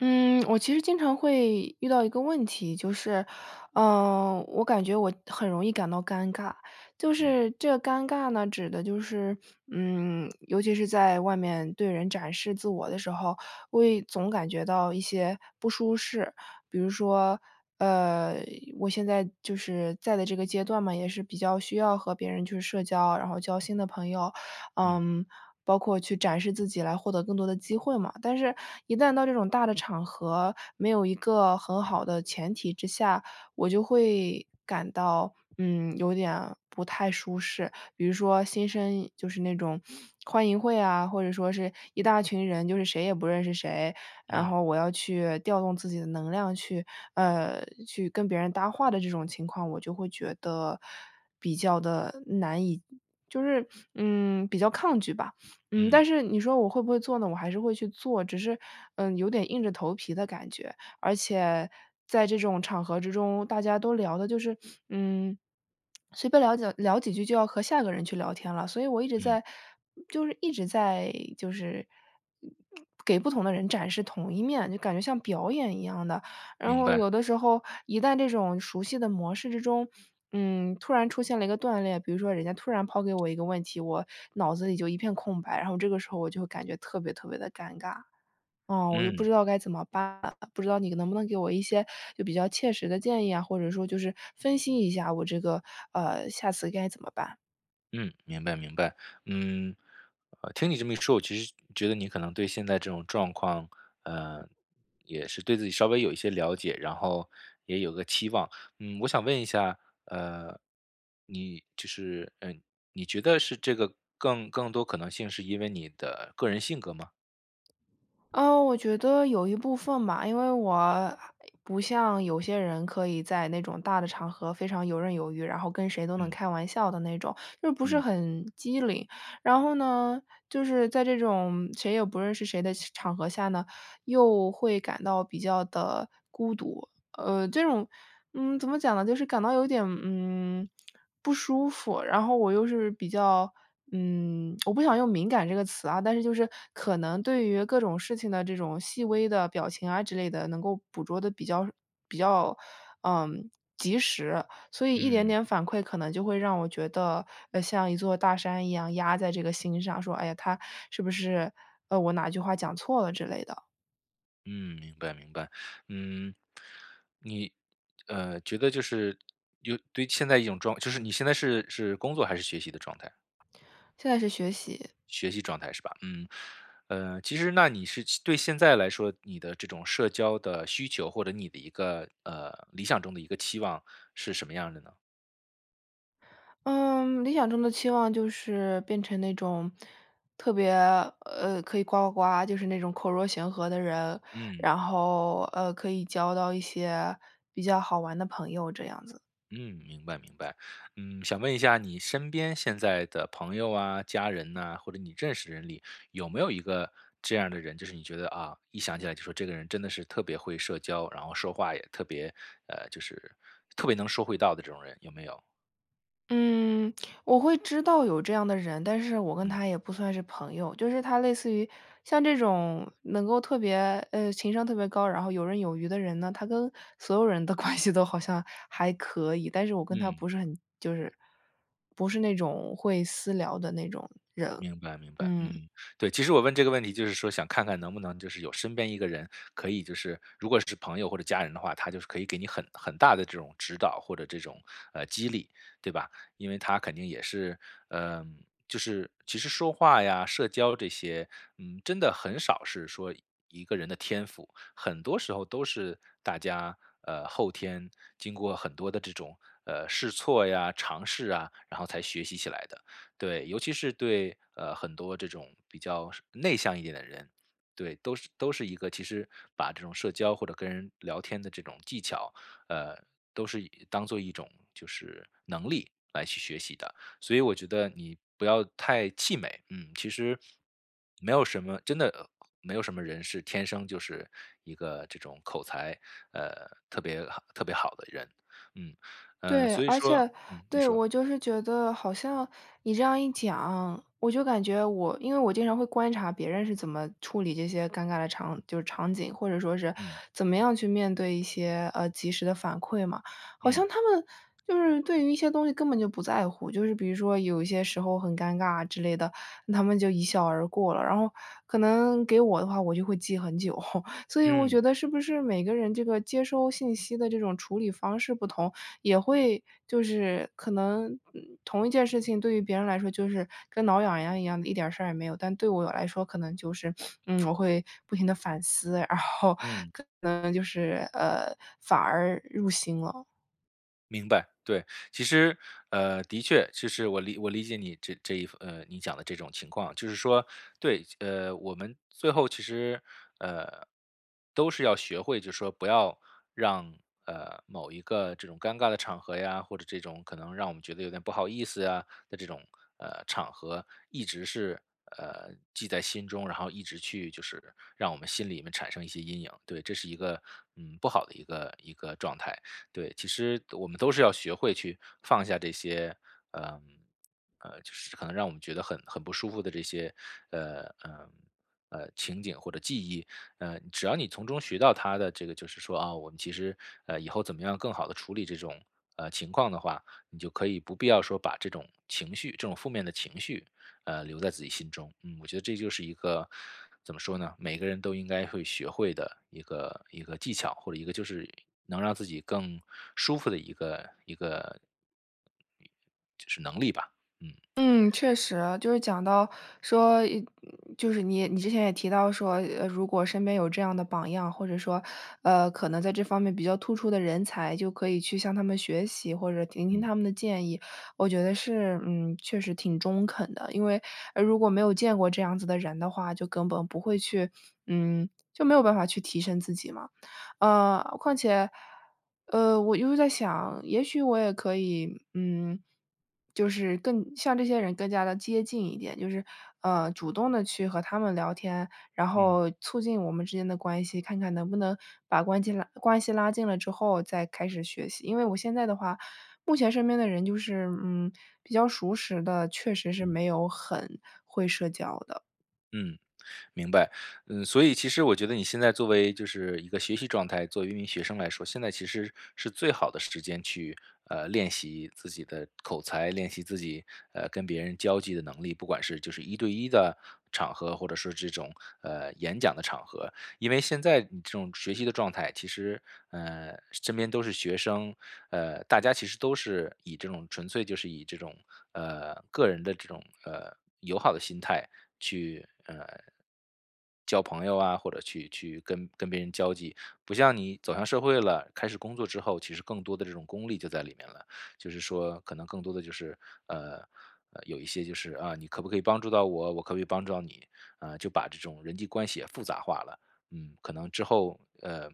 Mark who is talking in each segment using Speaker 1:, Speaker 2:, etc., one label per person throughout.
Speaker 1: 嗯，我其实经常会遇到一个问题，就是，呃，我感觉我很容易感到尴尬。就
Speaker 2: 嗯。
Speaker 1: 是这个尴尬呢指的就是，嗯，尤其是在外面对人展示自我的时候，我也总感觉到一些不舒适，比如说，呃，我现在就是在的这个阶段嘛，也是比较需要和别人去社交，然后交新的朋友，
Speaker 2: 嗯。
Speaker 1: 嗯，包括去展示自己来获得更多的机会嘛，但是一旦到这种大的场合，没有一个很好的前提之下，我就会感到，嗯，有点不太舒适，比如说新生就是那种欢迎会啊，或者说是一大群人，就是谁也不认识谁，然
Speaker 2: 嗯。
Speaker 1: 后我要去调动自己的能量去呃，去跟别人搭话的这种情况，我就会觉得比较地难以就是，嗯，比较抗拒吧。嗯，
Speaker 2: 嗯。
Speaker 1: 但是你说我会不会做呢，我还是会去做，只是，嗯，有点硬着头皮的感觉，而且在这种场合之中，大家都聊的就是，嗯，随便聊几聊几句就要和下一个人去聊天了，所以我一直
Speaker 2: 嗯。
Speaker 1: 在就是一直在，就是给不同的人展示同一面，就感觉像表演一样的。然
Speaker 2: 明
Speaker 1: 后
Speaker 2: 白。
Speaker 1: 有的时候，一旦这种熟悉的模式之中，嗯，突然出现了一个断裂，比如说人家突然抛给我一个问题，我脑子里就一片空白，然后这个时候我就会感觉特别特别的尴尬，嗯，我就不
Speaker 2: 嗯。
Speaker 1: 知道该怎么办，不知道你能不能给我一些，就比较切实的建议啊，或者说就是分析一下我这个，呃，下次该怎么办？
Speaker 2: 嗯，明白，明白，嗯，呃，听你这么一说，我其实觉得你可能对现在这种状况，呃，也是对自己稍微有一些了解，然后也有个期望，嗯，我想问一下，呃，你就是，嗯，你觉得是这个更更多可能性是因为你的个人性格吗？
Speaker 1: 呃，我觉得有一部分吧，因为我不像有些人可以在那种大的场合非常游刃有余，然后跟谁都能
Speaker 2: 嗯。
Speaker 1: 开玩笑的那种，又不是
Speaker 2: 嗯。
Speaker 1: 很机灵，然后呢，就是在这种谁也不认识谁的场合下呢，又会感到比较的孤独。呃，这种，嗯，怎么讲呢，就是感到有点，嗯，不舒服，然后我又是比较，嗯，我不想用敏感这个词啊，但是就是可能对于各种事情的这种细微的表情啊之类的，能够捕捉得比较比较，呃，及时，所以一点
Speaker 2: 嗯。
Speaker 1: 点反馈可能就会让我觉得，呃，像一座大山一样压在这个心上，说，哎呀，他是不是，呃，我哪句话讲错了之类的。
Speaker 2: 嗯，明白明白。嗯，你，呃，觉得就是，有对现在一种状态就是你现在是是工作还是学习的状态？
Speaker 1: 现在是学习。
Speaker 2: 学习状态是吧？嗯。呃，其实那你是其对现在来说，你的这种社交的需求，或者你的一个，呃，理想中的一个期望是什么样儿的呢？
Speaker 1: 嗯，理想中的期望就是，变成那种特别呃，可以呱呱呱，就是那种口若悬河的人。
Speaker 2: 嗯。
Speaker 1: 然后，呃，可以交到一些比较好玩的朋友这样子。
Speaker 2: 嗯，明白明白。嗯，想问一下你身边现在的朋友啊，家人呐，或者你认识的人里，有没有一个这样的人，就是你觉得，啊，一想起来就说这个人真的是特别会社交，然后说话也特别呃，就是特别能说会道的这种人有没有？
Speaker 1: 嗯，我会知道有这样的人。但是我跟
Speaker 2: 嗯。
Speaker 1: 他也不算是朋友，就是他类似于，像这种能够特别，呃，情商特别高，然后有刃有余的人呢，他跟所有人的关系都好像还可以。但是我跟他
Speaker 2: 嗯。
Speaker 1: 不是很就是不是那种会私聊的那种人，
Speaker 2: 明白明白。
Speaker 1: 嗯。
Speaker 2: 嗯，对，其实我问这个问题就是说想看看能不能就是有身边一个人可以就是如果是朋友或者家人的话，他就是可以给你很很大的这种指导或者这种，呃，激励，对吧？因为他肯定也是呃，就是其实说话呀，社交这些，嗯，真的很少是说一个人的天赋。很多时候都是大家，呃，后天，经过很多的这种，呃，试错呀，尝试啊，然后才学习起来的。对，尤其是对，呃，很多这种比较内向一点的人，对，都是都是一个其实把这种社交或者跟人聊天的这种技巧，呃，都是当做一种就是能力来去学习的。所以我觉得你不要太气馁，嗯，其实，没有什么真的没有什么人是天生就是一个这种口才，呃，特别好特别好的人，嗯，呃，
Speaker 1: 对，
Speaker 2: 所以
Speaker 1: 而
Speaker 2: 说
Speaker 1: 且，
Speaker 2: 嗯，你
Speaker 1: 对，
Speaker 2: 说。
Speaker 1: 我就是觉得好像你这样一讲，我就感觉我因为我经常会观察别人是怎么处理这些尴尬的场就场景，或者说是
Speaker 2: 嗯。
Speaker 1: 怎么样去面对一些，呃，及时的反馈嘛。好像
Speaker 2: 嗯。
Speaker 1: 他们就是对于一些东西根本就不在乎，就是比如说有一些时候很尴尬之类的，他们就一笑而过了。然后，可能给我的话，我就会记很久。所以我
Speaker 2: 嗯。
Speaker 1: 觉得是不是每个人这个接收信息的这种处理方式不同，也会就是可能同一件事情对于别人来说就是跟挠痒痒一样的一点事儿也没有。但对我来说可能就是 嗯，我会不停地反思，然后
Speaker 2: 嗯。
Speaker 1: 可能就是，呃，反而入心了。
Speaker 2: 明白，对，其实，呃，的确其实我我理解你这这一呃，你讲的这种情况，就是说，对，呃，我们最后其实，呃，都是要学会，就说不要让，呃，某一个这种尴尬的场合呀，或者这种可能让我们觉得有点不好意思啊的这种，呃，场合一直是，呃，记在心中，然后一直去就是让我们心里面产生一些阴影。对，这是一个，嗯，不好的一个一个状态，对，其实我们都是要学会去放下这些，呃，呃，就是可能让我们觉得很很不舒服的这些，呃，呃，呃，情景或者记忆。呃，只要你从中学到它的这个就是说啊，我们其实，呃，以后怎么样更好地处理这种，呃，情况的话，你就可以不必要说把这种情绪这种负面的情绪，呃，留在自己心中。嗯，我觉得这就是一个怎么说呢，每个人都应该会学会的一个一个技巧，或者一个就是能让自己更舒服的一个一个就是能力吧，嗯。
Speaker 1: 嗯，确实，就是讲到说，就是你你之前也提到说，呃，如果身边有这样的榜样，或者说，呃，可能在这方面比较突出的人才就可以去向他们学习，或者听听
Speaker 2: 嗯。
Speaker 1: 他们的建议。我觉得是，嗯，确实挺中肯的，因为，呃，如果没有见过这样子的人的话，就根本不会去，嗯，就没有办法去提升自己嘛。呃，况且，呃，我一直在想，也许我也可以，嗯，就是更像这些人更加地接近一点，就是，呃，主动地去和他们聊天，然
Speaker 2: 嗯。
Speaker 1: 后促进我们之间的关系，看看能不能把关系拉关系拉近了之后再开始学习，因为我现在的话目前身边的人就是，嗯，比较熟识的，确实是
Speaker 2: 嗯。
Speaker 1: 没有很会社交的。
Speaker 2: 嗯。明白，嗯，所以其实我觉得你现在作为就是一个学习状态，作为一名学生来说，现在其实是最好的时间去，呃，练习自己的口才，练习自己，呃，跟别人交际的能力，不管是就是一对一的场合，或者是这种，呃，演讲的场合。因为现在你这种学习的状态，其实，呃，身边都是学生，呃，大家其实都是以这种纯粹就是以这种，呃，个人的这种，呃，友好的心态去，呃，交朋友啊，或者去去跟跟别人交际。不像你走向社会了，开始工作之后，其实更多的这种功利就在里面了。就是说可能更多的就是，呃，呃，有一些就是：“啊，你可不可以帮助到我，我可不可以帮助到你。”啊，就把这种人际关系也复杂化了，嗯，可能之后，呃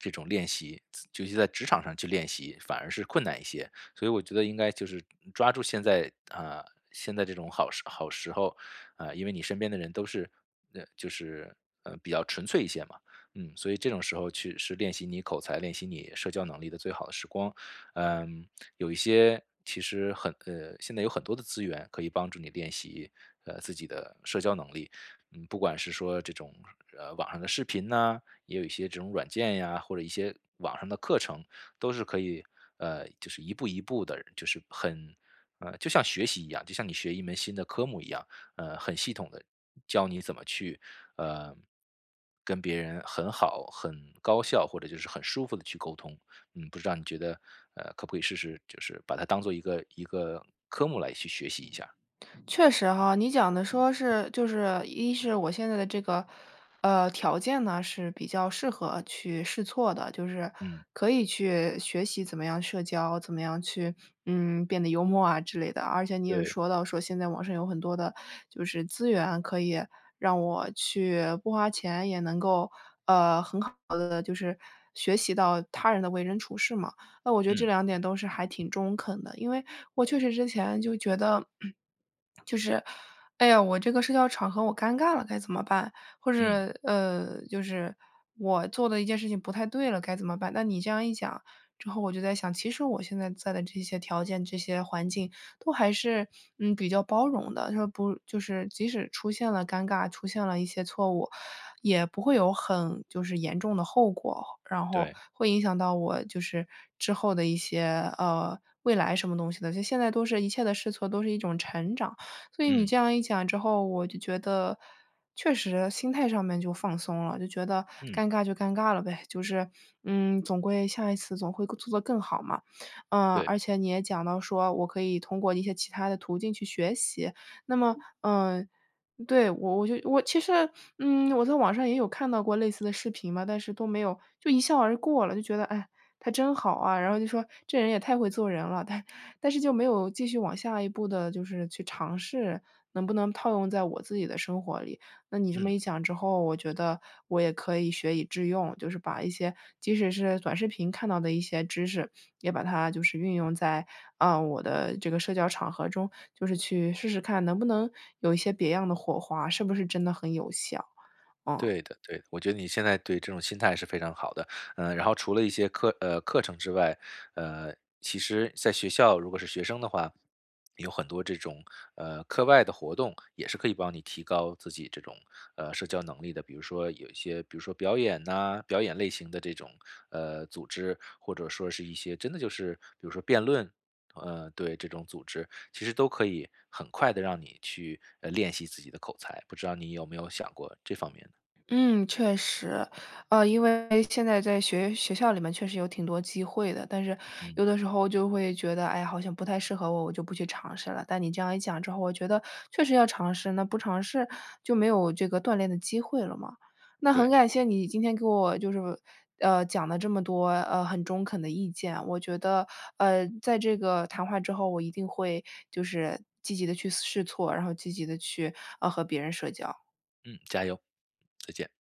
Speaker 2: 这种练习，自就是在职场上去练习，反而是困难一些，所以我觉得应该就是，嗯，抓住现在啊，现在这种好时好时候。啊，因为你身边的人都是嗯，就是，呃，比较纯粹一些嘛，嗯，所以这种时候去是练习你口才、练习你社交能力的最好的时光。呃，有一些其实很呃，现在有很多的资源可以帮助你练习，呃，自己的社交能力。嗯，不管是说这种，呃，网上的视频呐，也有一些这种软件呀，或者一些网上的课程都是可以，呃，就是一步一步地就是很呃，就像学习一样，就像你学一门新的科目一样，呃，很系统地教你怎么去，呃，跟别人很好、很高效或者就是很舒服地去沟通。嗯，不知道你觉得，呃，可不可以试试，就是把它当做一个一个科目来去学习一下？
Speaker 1: 确实哈，你讲的说是就是，一是我现在的这个，呃，条件呢是比较适合去试错的，就是
Speaker 2: 嗯。
Speaker 1: 可以去，学习怎么样社交、怎么样去，嗯，变得幽默啊之类的，而且你也
Speaker 2: 对。
Speaker 1: 说到说现在网上有很多的，就是资源可以让我去不花钱，也能够，呃，很好地就是学习到他人的为人处事嘛。那我觉得这
Speaker 2: 嗯。
Speaker 1: 两点都是还挺中肯的。因为我确实之前就觉得，就是，哎呀，我这个社交场合我尴尬了该怎么办？或者，
Speaker 2: 嗯。
Speaker 1: 呃，就是，我做了一件事情不太对了该怎么办？那你这样一讲之后我就在想，其实我现在在的这些条件、这些环境都还是，嗯，比较包容的，它不就是即使出现了尴尬、出现了一些错误，也不会有很就是严重的后果，然后
Speaker 2: 对。
Speaker 1: 会影响到我就是之后的一些，呃，未来什么东西的。就现在都是一切的试错都是一种成长。所以你
Speaker 2: 嗯。
Speaker 1: 这样一讲之后，我就觉得，确实心态上面就放松了，就觉得
Speaker 2: 嗯。
Speaker 1: 尴尬就尴尬了呗，就是，嗯，总归下一次总会做得更好嘛。呃，
Speaker 2: 对。
Speaker 1: 而且你也讲到说我可以通过一些其它的途径去学习，那么呃，对，我我就我其实，嗯，我在网上也有看到过类似的视频嘛，但是都没有就一笑而过了，就觉得哎，他真好啊，然后就说：“这人也太会做人了，”但但是就没有继续往下一步的就是去尝试，能不能套用在我自己的生活里。那你这
Speaker 2: 嗯。
Speaker 1: 么一讲之后，我觉得我也可以学以致用，就是把一些即使是短视频看到的一些知识，也把它就是运用在，呃，我的这个社交场合中，就是去试试看能不能有一些别样的火花，是不是真的很有效，嗯。
Speaker 2: 对的对的，我觉得你现在对，这种心态是非常好的，呃，然后除了一些课呃，课程之外，呃，其实在学校如果是学生的话，有很多这种，呃，课外的活动，也是可以帮你提高自己这种，呃，社交能力的。比如说有一些比如说表演啊，表演类型的这种，呃，组织，或者说是一些真的就是比如说辩论。呃，对，这种组织，其实都可以很快地让你去，呃，练习自己的口才。不知道你有没有想过这方面的。
Speaker 1: 嗯，确实，呃，因为现在在学学校里面确实有挺多机会的，但是
Speaker 2: 嗯。
Speaker 1: 有的时候就会觉得，唉，好像不太适合我，我就不去尝试了。但你这样一讲之后，我觉得确实要尝试，那不尝试就没有这个锻炼的机会了嘛。那很
Speaker 2: 对。
Speaker 1: 感谢你今天给我就是，呃，讲了这么多，呃，很中肯的意见，我觉得，呃，在这个谈话之后，我一定会就是积极地去试试错，然后积极地去，呃，和别人社交。
Speaker 2: 嗯，加油，再见。